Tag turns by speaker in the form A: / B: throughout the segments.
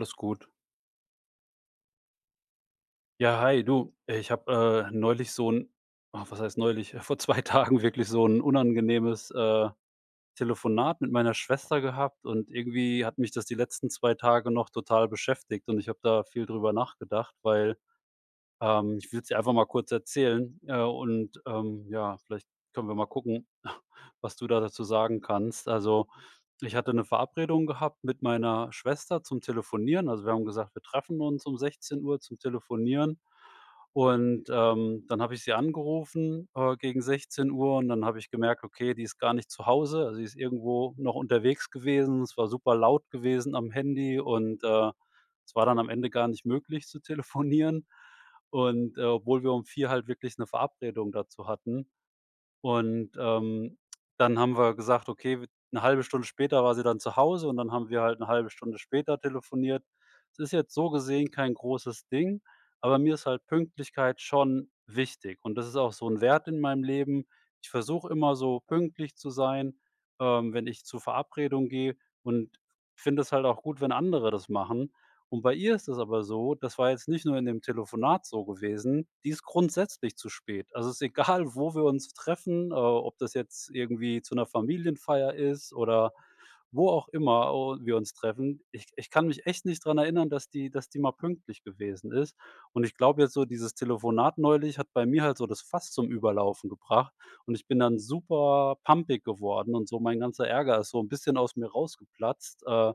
A: Alles gut. Ja, hi, du, äh, ich habe, äh, neulich so 'n äh, was heißt neulich, vor 2 Tagen wirklich so ’n unangenehmes, äh, Telefonat mit meiner Schwester gehabt und irgendwie hat mich das die letzten 2 Tage noch total beschäftigt. Und ich habe da viel drüber nachgedacht, weil ähm, ich würde es dir einfach mal kurz erzählen. Äh, und ähm, ja, vielleicht können wir mal gucken, was du da dazu sagen kannst. Also, ich hatte 'ne Verabredung gehabt mit meiner Schwester zum Telefonieren. Also, wir haben gesagt: „Wir treffen uns um 16:00 zum Telefonieren.“, und, ähm, dann habe ich sie angerufen, äh, gegen 16:00. Und dann habe ich gemerkt: „Okay, die ist gar nicht zu Hause.“ Also, sie ist irgendwo noch unterwegs gewesen. Es war super laut gewesen am Handy und, äh, es war dann am Ende gar nicht möglich zu telefonieren. Und, äh, obwohl wir um 4 halt wirklich ’ne Verabredung dazu hatten, und, ähm, dann haben wir gesagt: „Okay, w". ’Ne 1/2 Stunde später war sie dann zu Hause und dann haben wir halt 'ne 1/2 Stunde später telefoniert. Das ist jetzt so gesehen kein großes Ding, aber mir ist halt Pünktlichkeit schon wichtig. Und das ist auch so 'n Wert in meinem Leben. Ich versuche immer so pünktlich zu sein ähm, wenn ich zur Verabredung gehe, und finde es halt auch gut, wenn andere das machen. Und bei ihr ist es aber so, das war jetzt nicht nur in dem Telefonat so gewesen, die ist grundsätzlich zu spät. Also, es ist egal, wo wir uns treffen, äh, ob das jetzt irgendwie zu 'ner Familienfeier ist oder wo auch immer o wir uns treffen. Ich ich kann mich echt nicht dran erinnern, dass die dass die mal pünktlich gewesen ist. Und ich glaube jetzt so, dieses Telefonat neulich hat bei mir halt so das Fass zum Überlaufen gebracht. Und ich bin dann super pampig geworden und so mein ganzer Ärger ist so 'n bisschen aus mir rausgeplatzt. Äh,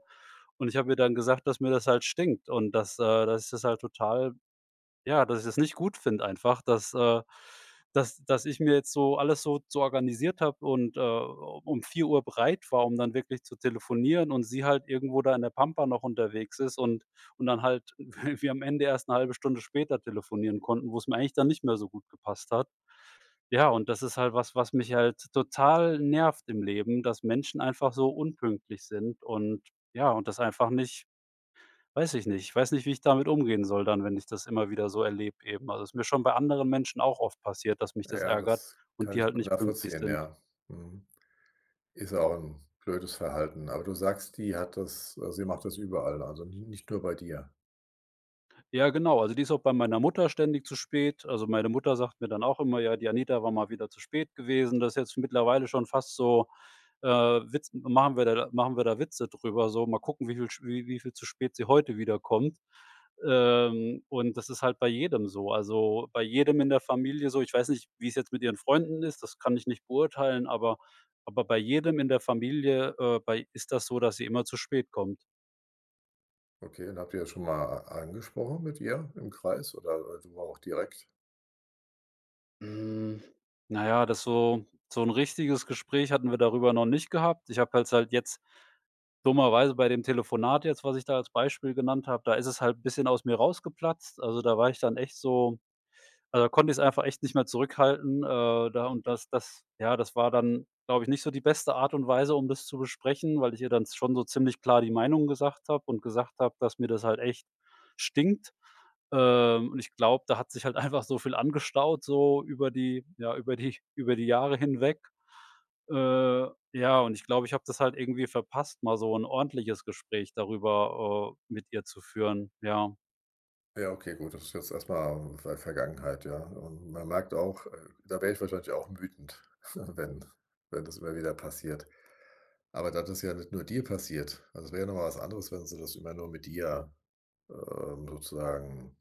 A: und ich habe ihr dann gesagt, dass mir das halt stinkt. Und dass, äh, dass ich das halt total ja, dass ich das nicht gut finde, einfach, dass, äh, dass das ich mir jetzt so alles so so organisiert habe und, äh, um 4:00 bereit war, um dann wirklich zu telefonieren, und sie halt irgendwo da in der Pampa noch unterwegs ist, und und dann halt wir am Ende erst 'ne 1/2 Stunde später telefonieren konnten, wo es mir eigentlich dann nicht mehr so gut gepasst hat. Ja, und das ist halt was, was mich halt total nervt im Leben, dass Menschen einfach so unpünktlich sind, und ja, und das einfach nicht weiß ich nicht. Ich weiß nicht, wie ich damit umgehen soll, dann wenn ich das immer wieder so erlebe eben. Also, es ist mir schon bei anderen Menschen auch oft passiert, dass mich das
B: Ja,
A: ärgert
B: das
A: und
B: kann
A: die
B: ich
A: halt
B: gut
A: nicht pünktlich
B: nachvollziehen.
A: sind.
B: Ja. Mhm. Ist auch ’n blödes Verhalten. Aber du sagst, die hat das äh, sie macht das überall, also nie nicht nur bei dir.
A: Ja, genau. Also, die ist auch bei meiner Mutter ständig zu spät. Also, meine Mutter sagt mir dann auch immer: „Ja, die Anita war mal wieder zu spät gewesen.“ Das ist jetzt mittlerweile schon fast so äh, Witz machen wir da machen wir da Witze drüber, so: „mal gucken, wie viel wie viel zu spät sie heute wieder kommt.“ Ähm, und das ist halt bei jedem so. Also, äh, bei jedem in der Familie so, ich weiß nicht, wie es jetzt mit ihren Freunden ist. Das kann ich nicht beurteilen, aber aber bei jedem in der Familie, äh, bei ist das so, dass sie immer zu spät kommt.
B: Okay. Und habt ihr schon mal a angesprochen mit ihr im Kreis, oder einfach mal auch direkt?
A: Hm. Na ja, das so so 'n richtiges Gespräch hatten wir darüber noch nicht gehabt. Ich habe halt jetzt, dummerweise bei dem Telefonat jetzt, was ich da als Beispiel genannt habe. Da ist es halt 'n bisschen aus mir rausgeplatzt. Also, da war ich dann echt so weil da konnte ich es einfach echt nicht mehr zurückhalten. Äh, da und das das ja, das war dann, glaube ich nicht so die beste Art und Weise, um das zu besprechen, weil ich ihr dann z schon so ziemlich klar die Meinung gesagt habe und gesagt habe, dass mir das halt echt stinkt. Ähm, und ich glaube, da hat sich halt einfach so viel angestaut, so über die ja über die über die Jahre hinweg. Äh, ja, und ich glaube, ich habe das halt irgendwie verpasst, mal so 'n ordentliches Gespräch darüber, äh, mit ihr zu führen. Ja.
B: Ja. Okay. Gut. Das ist jetzt erstmal, äh, Ver Vergangenheit, ja, u und man merkt auch, äh da wäre ich wahrscheinlich auch wütend, wenn wenn das immer wieder passiert. Aber da das ja nicht nur dir passiert. Also, das wäre ja noch mal was anderes, wenn sie das immer nur mit dir äh, sozusagen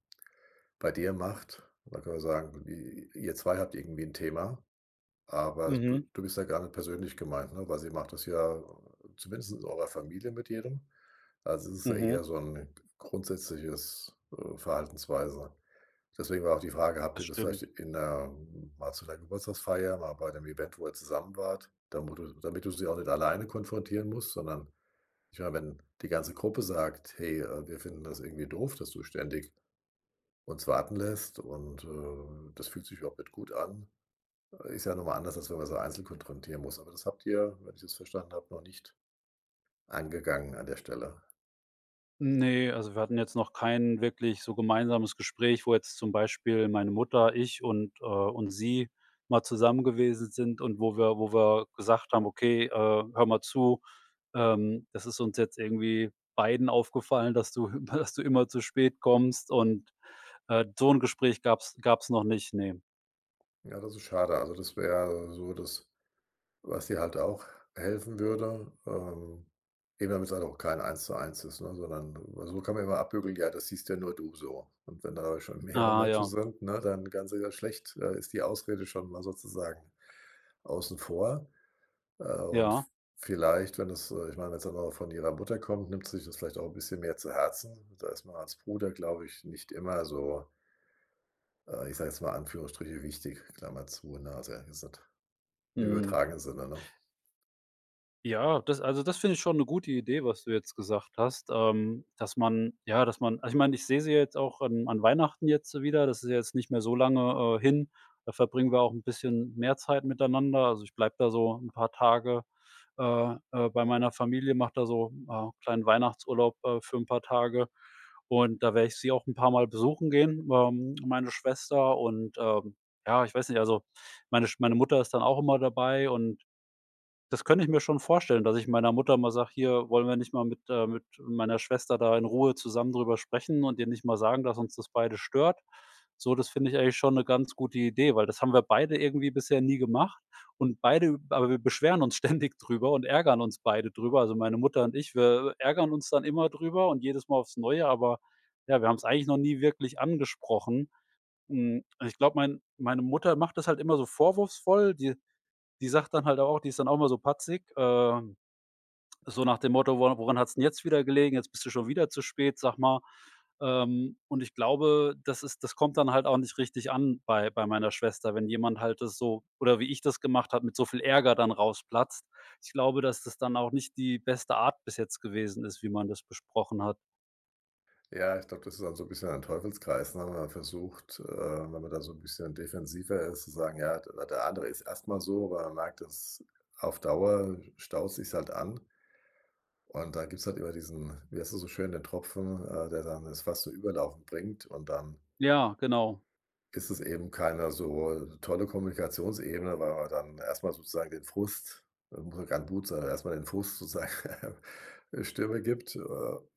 B: bei dir macht. Dann kann man sagen irgendwie, ihr ihr zwei habt irgendwie 'n Thema. Aber du
A: Mhm.
B: du bist ja gar nicht persönlich gemeint, ne, weil sie macht das ja, äh, zumindest in eurer Familie mit jedem. Also, das ist ja eher
A: Mhm.
B: so 'n g grundsätzliches, äh, Verhaltensweise. Deswegen war auch die Frage, habt
A: Das
B: ihr das vielleicht
A: stimmt.
B: in der m mal zu 'ner Geburtstagsfeier, mal bei 'nem Event, wo ihr zusammen wart, da wo du damit du sie auch nicht alleine konfrontieren musst, sondern ich meine, wenn die ganze Gruppe sagt: „Hey, äh, wir finden das irgendwie doof, dass du ständig uns warten lässt. Und, äh, das fühlt sich überhaupt nicht gut an.“ Ist ja nochmal anders, als wenn man sie einzeln konfrontieren muss. Aber das habt ihr, wenn ich das verstanden habe, noch nicht angegangen an der Stelle.
A: Ne, also, wir hatten jetzt noch kein wirklich so gemeinsames Gespräch, wo jetzt zum Beispiel meine Mutter, ich und, äh, und sie mal zusammen gewesen sind. Und wo wir wo wir gesagt haben: „Okay, äh, hör mal zu, ähm, das ist uns jetzt irgendwie beiden aufgefallen, dass du, dass du immer zu spät kommst" und, äh, so 'n Gespräch gab's gab's noch nicht. Ne.
B: Ja, das ist schade. Also, das wäre so das, was dir halt auch helfen würde. Ähm, eben wenn man's halt auch kein Eins-zu-eins ist, ne, sondern weil so kann man ja immer abbügeln: „Ja, das siehst ja nur du so.“ Und wenn da schon mehrere
A: Ah
B: Menschen
A: ja.
B: sind, ne, dann kann sie da schlecht äh, ist die Ausrede schon mal sozusagen außen vor. Äh, und v
A: Ja.
B: vielleicht, wenn es äh, ich meine, wenn's dann auch von ihrer Mutter kommt, nimmt sie sich das vielleicht auch 'n bisschen mehr zu Herzen. Da ist man als Bruder, glaube ich, nicht immer so äh, ich sage jetzt mal, Anführungsstriche, wichtig, Klammer zu, ne, also ehrlich gesagt Im
A: Mhm.
B: übertragenen Sinne, ne?
A: Ja, das also, das finde ich schon 'ne gute Idee, was du jetzt gesagt hast. Ähm, dass man ja, dass man also, ich meine, ich sehe sie jetzt auch an an Weihnachten jetzt wieder. Das ist ja jetzt nicht mehr so lange, äh, hin. Da verbringen wir auch 'n bisschen mehr Zeit miteinander. Also, ich bleibe da so 'n paar Tage, äh, äh, bei meiner Familie, mache da so, äh, kleinen Weihnachtsurlaub, äh, für ’n paar Tage. Und da werde ich sie auch 'n paar Mal besuchen gehen, ähm, meine Schwester, und, ähm, ja, ich weiß nicht also, meine Sch meine Mutter ist dann auch immer dabei und das könnte ich mir schon vorstellen, dass ich meiner Mutter mal sage: „Hier, wollen wir nicht mal mit äh, mit meiner Schwester da in Ruhe zusammen drüber sprechen und ihr nicht mal sagen, dass uns das beide stört?“ So, das finde ich eigentlich schon 'ne ganz gute Idee, weil das haben wir beide irgendwie bisher nie gemacht. Und beide w aber wir beschweren uns ständig drüber und ärgern uns beide drüber. Also, meine Mutter und ich, wir, äh, ärgern uns dann immer drüber und jedes Mal aufs Neue. Aber, ja, wir haben's eigentlich noch nie wirklich angesprochen. Mhm, ich glaube, mein meine Mutter macht das halt immer so vorwurfsvoll. Die, die sagt dann halt auch die ist dann auch immer so patzig, ähm, so nach dem Motto: „Wora woran hat's denn jetzt wieder gelegen? Jetzt bist du schon wieder zu spät, sag mal.“ Ähm, und ich glaube, das ist das kommt dann halt auch nicht richtig an bei bei meiner Schwester, wenn jemand halt das so oder wie ich das gemacht habe, mit so viel Ärger dann rausplatzt. Ich glaube, dass das dann auch nicht die beste Art bis jetzt gewesen ist, wie man das besprochen hat.
B: Ja, ich glaube, das ist dann so 'n bisschen ein Teufelskreis, ne, wenn man versucht äh, wenn man da so 'n bisschen defensiver ist, zu sagen: „Ja, der andere ist erstmal so," aber man merkt, dass auf Dauer staut sich's halt an. Und da gibt's halt immer diesen wie heißt das so schön, den Tropfen, äh, der dann das Fass zu überlaufen bringt und dann
A: Ja, genau.
B: ist es eben keine so, äh, tolle Kommunikationsebene, weil man dann erstmal sozusagen den Frust irgendwie [unintelligible] an erstmal den Frust sozusagen, äh, Stimme gibt, äh,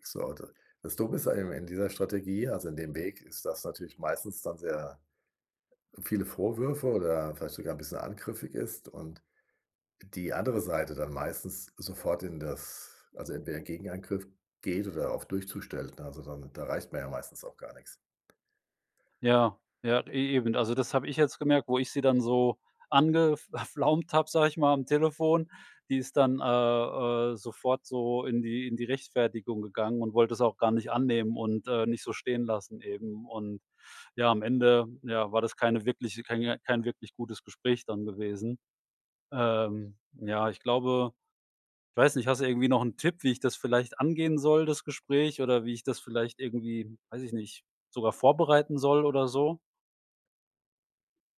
B: so da das Dumme ist eben in dieser Strategie also in dem Weg ist das natürlich meistens dann sehr viele Vorwürfe oder vielleicht sogar 'n bisschen angriffig ist und die andere Seite dann meistens sofort in das also entweder Gegenangriff geht oder auf Durchzug stellt, ne, also dann da erreicht man ja meistens auch gar nichts.
A: Ja, ja, eben. Also, das habe ich jetzt gemerkt, wo ich sie dann so angef pflaumt habe, sage ich mal, am Telefon. Die ist dann, äh, äh, sofort so in die in die Rechtfertigung gegangen und wollte's auch gar nicht annehmen und, äh, nicht so stehen lassen eben und ja, am Ende ja, war das keine wirkliche kein J kein wirklich gutes Gespräch dann gewesen. Ähm, ja, ich glaube weiß nicht, hast du irgendwie noch 'n Tipp, wie ich das vielleicht angehen soll das Gespräch oder wie ich das vielleicht irgendwie, weiß ich nicht, sogar vorbereiten soll oder so?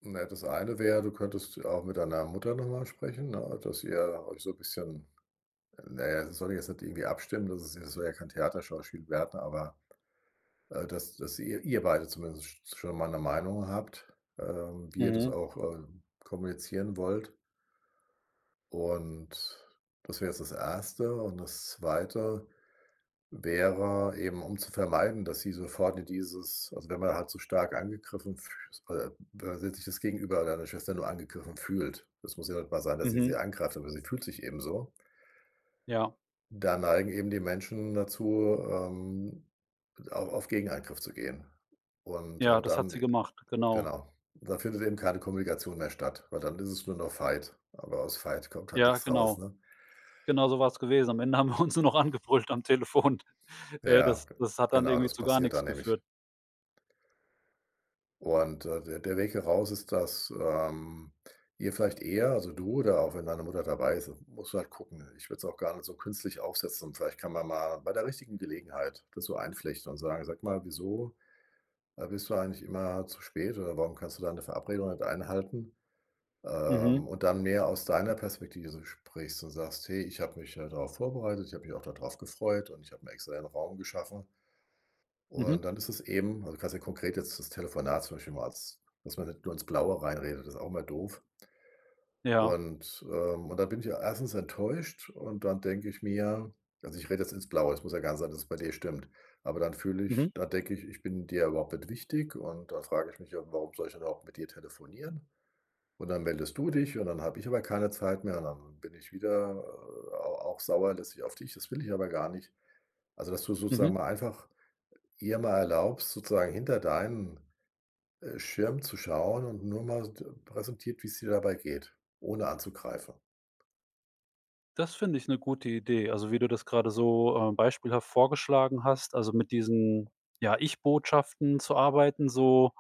B: Na, das eine wäre, du könntest auch mit deiner Mutter nochmal sprechen, ne, dass ihr euch so bisschen naja, also soll jetzt nicht irgendwie abstimmen, das ist ja soll ja kein Theaterschauspiel werden, aber Äh, dass dass ihr ihr beide zumindest sch schon mal 'ne Meinung habt, ähm, wie ihr das
A: Mhm.
B: auch, ähm, kommunizieren wollt. Und das wäre jetzt das Erste. Und das Zweite wäre eben, um zu vermeiden, dass sie sofort in dieses also, wenn man halt so stark angegriffen fü äh, we wenn sich das Gegenüber, deine Schwester, nur angegriffen fühlt. Das muss ja nicht mal sein, dass ihr sie
A: Mhm.
B: angreift, aber sie fühlt sich eben so.
A: Ja.
B: Da neigen eben die Menschen dazu, ähm, au auf Gegenangriff zu gehen. Und
A: Ja,
B: aber
A: das hat
B: dann
A: sie gemacht, genau.
B: genau. da findet eben keine Kommunikation mehr statt, weil dann ist es nur noch Fight. Aber aus Fight kommt halt
A: Ja,
B: nichts raus,
A: genau.
B: ne?
A: Genau so war es gewesen. Am Ende haben wir uns nur noch angebrüllt am Telefon. Äh, das
B: Ja,
A: das hat dann
B: genau
A: irgendwie
B: das
A: zu gar
B: passiert da
A: nichts
B: nämlich.
A: geführt.
B: Und, äh, der der Weg heraus ist, dass, ähm, ihr vielleicht eher Also du oder auch wenn deine Mutter dabei ist, musst du halt gucken. Ich würde es auch gar nicht so künstlich aufsetzen. Vielleicht kann man mal bei der richtigen Gelegenheit das so einflechten und sagen: „Sag mal, wieso, äh, bist du eigentlich immer zu spät, oder warum kannst du da eine Verabredung nicht einhalten?“
A: Mhm.
B: Ähm, und dann mehr aus deiner Perspektive so sprichst und sagst: Hey, ich habe mich darauf vorbereitet. Ich habe mich auch da drauf gefreut. Und ich habe mir extra den Raum geschaffen.“ Und
A: Mhm.
B: dann ist es eben also du kannst ja konkret jetzt das Telefonat zum Beispiel mal als dass man nicht nur ins Blaue reinredet. Das ist auch immer doof.
A: Ja.
B: Und, ähm. Und dann bin ich ja erstens enttäuscht. Und dann denke ich mir Also, ich rede jetzt ins Blaue. Es muss ja gar nicht sein, dass es bei dir stimmt. Aber dann fühle
A: Mhm.
B: ich da denke ich, ich bin dir überhaupt nicht wichtig. Und da frage ich mich auch warum soll ich dann überhaupt mit dir telefonieren? Und dann meldest du dich. Und dann habe ich aber keine Zeit mehr. Und dann bin ich wieder, äh, a auch sauer letztlich auf dich. Das will ich aber gar nicht. Also, dass du sozusagen
A: Mhm.
B: mal einfach ihr mal erlaubst, sozusagen hinter deinen, äh, Schirm zu schauen und nur mal so präsentiert, wie es dir dabei geht, ohne anzugreifen.
A: Das finde ich 'ne gute Idee. Also, wie du das gerade so, ähm, beispielhaft vorgeschlagen hast. Also mit diesen, ja, Ich-Botschaften zu arbeiten, so.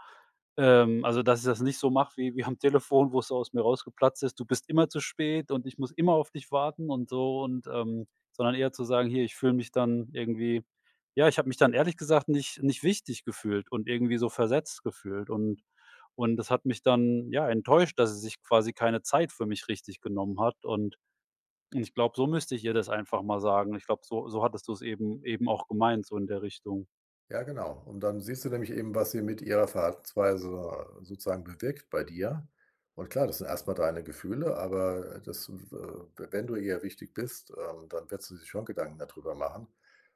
A: Ähm, also, dass ich das nicht so mache wie wie am Telefon, wo es aus mir rausgeplatzt ist: „Du bist immer zu spät und ich muss immer auf dich warten" und so und, ähm sondern eher zu sagen: „Hier, ich fühle mich dann irgendwie“ Ja, ich habe mich dann, ehrlich gesagt, nicht nicht wichtig gefühlt und irgendwie so versetzt gefühlt und und das hat mich dann, ja, enttäuscht, dass sie sich quasi keine Zeit für mich richtig genommen hat und und ich glaube, so müsste ich ihr das einfach mal sagen. Ich glaube, so, so hattest du es eben eben auch gemeint, so in der Richtung.
B: Ja, genau. Und dann siehst du nämlich eben, was sie mit ihrer Verhaltensweise sozusagen bewirkt bei dir. Und klar, das sind erstmal deine Gefühle. Aber das äh, wenn du ihr wichtig bist, ähm, dann wird sie sich schon Gedanken dadrüber machen.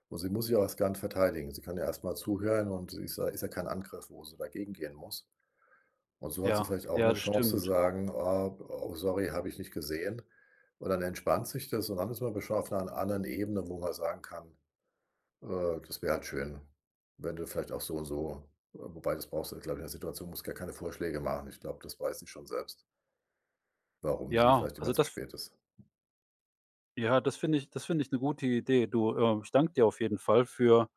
B: Und sie muss sich auch erst garnicht verteidigen. Sie kann ja erst mal zuhören. Und sie ist ja, ist ja kein Angriff, wo sie dagegen gehen muss. Und so hat sie
A: Ja,
B: vielleicht auch
A: ja,
B: 'ne
A: das
B: Chance zu
A: stimmt.
B: sagen: „Oh, oh, sorry, habe ich nicht gesehen.“ Und dann entspannt sich das und dann ist man [unintelligible] an anderen Ebene, wo man sagen kann: „Äh, das wäre halt schön. Wenn du vielleicht auch so und so“ Wobei das brauchst du, glaube ich in der Situation musst gar keine Vorschläge machen. Ich glaube, das weiß sie schon selbst warum sie
A: Ja,
B: vielleicht immer
A: also
B: zu
A: das f
B: spät ist.
A: Ja, das finde ich das finde ich 'ne gute Idee. Du, äh, ich danke dir auf jeden Fall für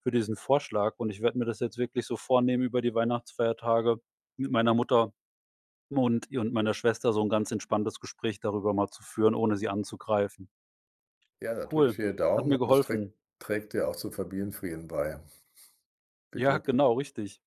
A: für diesen Vorschlag. Und ich werde mir das jetzt wirklich so vornehmen über die Weihnachtsfeiertage mit meiner Mutter und ihr und meiner Schwester so 'n ganz entspanntes Gespräch darüber mal zu führen, ohne sie anzugreifen.
B: Ja, da drücke
A: Cool.
B: ich dir
A: Hat
B: Daumen,
A: mir
B: und das
A: geholfen.
B: trägt trägt ja auch zum Familienfrieden bei. Viel
A: Ja,
B: Glück!
A: genau, richtig.